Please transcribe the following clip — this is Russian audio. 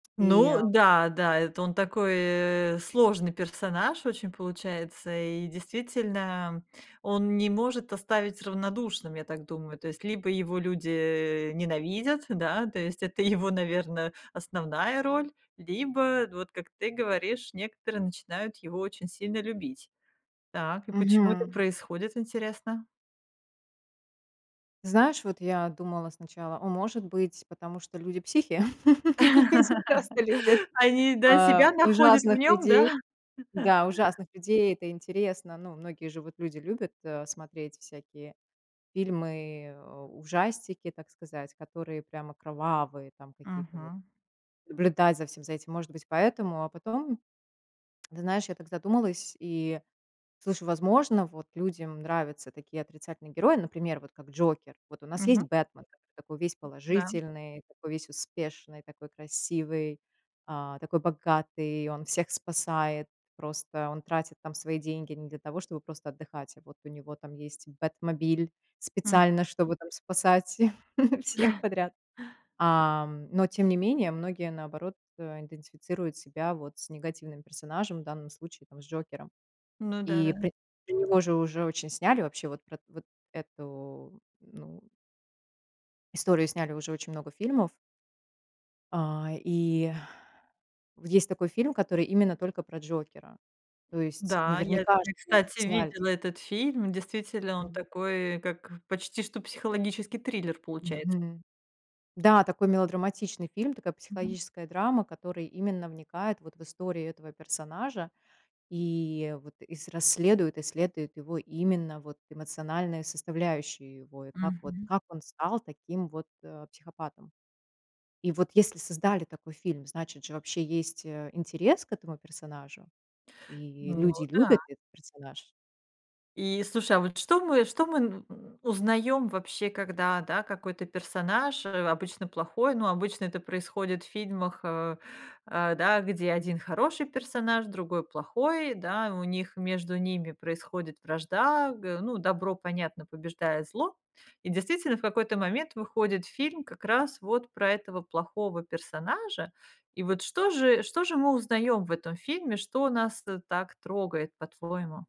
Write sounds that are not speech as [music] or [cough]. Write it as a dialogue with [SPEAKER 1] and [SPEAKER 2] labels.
[SPEAKER 1] И
[SPEAKER 2] Ну
[SPEAKER 1] а
[SPEAKER 2] да, да, это он такой, э, сложный персонаж очень получается, и, действительно, он не может оставить равнодушным, я так думаю. То есть, либо его люди, э, ненавидят, да, то есть, это его, наверно, основная роль, либо вот, как ты говоришь, некоторые начинают его очень сильно любить. Так, и почему это
[SPEAKER 1] Мгм.
[SPEAKER 2] происходит, интересно?
[SPEAKER 1] Знаешь, вот я думала сначала: о, может быть, потому что люди психи? [laughs] Люди просто любят,
[SPEAKER 2] [laughs] Они, да,
[SPEAKER 1] а,
[SPEAKER 2] себя находят в
[SPEAKER 1] ужасных
[SPEAKER 2] нём, да?
[SPEAKER 1] людей
[SPEAKER 2] [chuckles]
[SPEAKER 1] Да, ужасных людей. Это интересно. Ну, многие же вот люди любят, а, смотреть всякие фильмы, э, ужастики, так сказать, которые прямо кровавые там какие-то вот.
[SPEAKER 2] Мгм.
[SPEAKER 1] Наблюдать за всем за этим, может быть, поэтому. А потом, [tsk] ты знаешь, я так задумалась и слышу, возможно, вот людям нравятся такие отрицательные герои, например, вот как Джокер. Вот у нас есть
[SPEAKER 2] Мгм.
[SPEAKER 1] Бэтмен, так такой весь
[SPEAKER 2] Да.
[SPEAKER 1] положительный, такой весь успешный, такой красивый, а, такой богатый, он всех спасает. Просто он тратит там свои деньги не для того, чтобы просто отдыхать. А вот у него там есть бэтмобиль,
[SPEAKER 2] М.
[SPEAKER 1] специально, чтобы там спасать [chuckles] всех
[SPEAKER 2] [chuckles]
[SPEAKER 1] подряд. А, м. Но, тем не менее, многие, наоборот, э, идентифицируют себя вот с негативным персонажем, в данном случае, там, с Джокером.
[SPEAKER 2] Ну да,
[SPEAKER 1] И
[SPEAKER 2] да.
[SPEAKER 1] про про него же уже очень сняли, вообще вот про вот эту, ну историю сняли уже очень много фильмов. А и Вот есть такой фильм, который именно только про Джокера. То есть,
[SPEAKER 2] Да, я
[SPEAKER 1] наверняка,
[SPEAKER 2] я,
[SPEAKER 1] что, значит,
[SPEAKER 2] кстати,
[SPEAKER 1] сняли.
[SPEAKER 2] видела этот фильм, действительно, он такой, как, почти что психологический триллер, получается.
[SPEAKER 1] Мгм, да. Такой мелодраматичный фильм, такая
[SPEAKER 2] Мгм.
[SPEAKER 1] психологическая драма, который именно вникает вот в историю этого персонажа, и вот, и с расследует, исследует его именно вот эмоциональные составляющие его, и как вот,
[SPEAKER 2] Мгм.
[SPEAKER 1] как он стал таким вот, э, психопатом. И вот если создали такой фильм, значит же, вообще есть, э, интерес к этому персонажу, и
[SPEAKER 2] Ну
[SPEAKER 1] люди
[SPEAKER 2] да.
[SPEAKER 1] любят этот персонаж.
[SPEAKER 2] И, слушай, а вот что мы, что мы н узнаём вообще, когда, да, какой-то персонаж, э, обычно плохой, ну, обычно это происходит в фильмах, э, э, да, где один хороший персонаж, другой плохой, да, у них между ними происходит вражда г Ну, добро, понятно, побеждает зло. И, действительно, в какой-то момент выходит фильм как раз вот про этого плохого персонажа. И вот что же, что же мы узнаём в этом фильме, что нас, э, так трогает по-твоему?